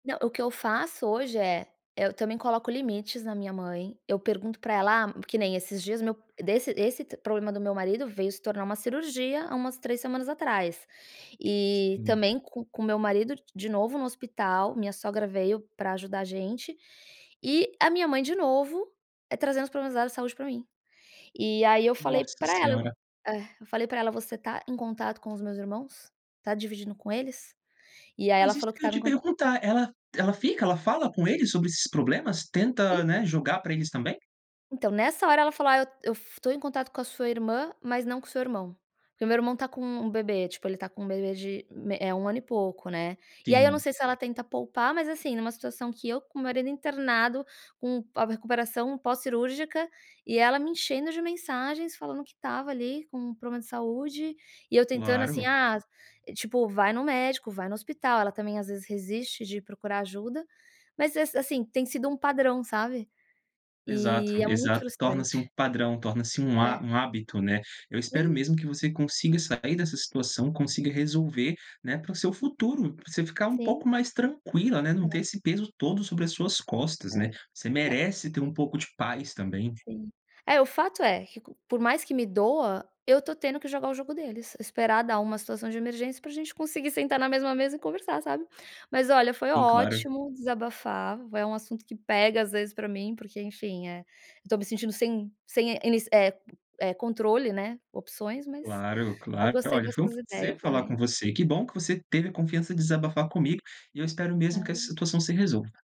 Não. O que eu faço hoje é, eh, eu também coloco limites na minha mãe. Eu pergunto pra ela ah que nem esses dias, meu desse esse problema do meu marido veio se tornar uma cirurgia há umas 3 semanas atrás. E Sim. também co com meu marido d de novo no hospital, minha sogra veio pra ajudar a gente. E a minha mãe de novo trazendo os problemas dela de saúde pra mim. E aí, eu falei Nossa pra ela, eu senhora. é, eu falei pra ela: "Você tá em contato com os meus irmãos? Tá dividindo com eles?" E aí ela Mas isso falou que que eu ia estava em te cont perguntar. Ela ela fica ela fala com eles sobre esses problemas? En Tenta, né, jogar pra eles também? Então, nessa hora ela falou: "Ah, eu eu f tô em contato com a sua irmã, mas não com o seu irmão". Porque o meu irmão tá com um um bebê, tipo ele tá com um bebê de me eh, 1 ano e pouco, né. E aí eu não Sim. sei se ela tenta poupar, mas, assim, numa situação que eu com o meu marido internado com a a recuperação pós-cirúrgica e ela me enchendo de mensagens, falando que estava ali com um problema de saúde e eu tentando assim, Claro. ah, tipo, "vai no médico, vai no hospital", ela também às vezes resiste de procurar ajuda. Mas ess assim tem sido um padrão, sabe? Exato, E, é muito exato. Torna-se um frustrante. padrão, torna-se um ha É. um hábito, né? Eu espero Sim. mesmo, que você consiga sair dessa situação. Consiga resolver, né, para o seu futuro, pra você ficar um Sim. pouco mais tranquila, né. Não ter É. esse peso todo sobre as suas costas, É. né? Você nã merece ter um pouco de paz também. Sim. É o fato é, qu que por mais que me doa, eu tô tendo que jogar o jogo deles, esperar dar uma situação de emergência, pra gente conseguir sentar na mesma mesa e conversar, sabe? Mas olha foi Sim, claro. ótimo desabafar. É um assunto que pega às vezes pra mim, porque, enfim, é, eu tô me sentindo sem sem é ini é é controle, né, opções, mas Claro, eu claro. gostei Olha, das foi um suas ideias, prazer falar com também. você, que bom que você teve a confiança de desabafar comigo. E eu espero mesmo que essa [unintelligible] situação se resolva.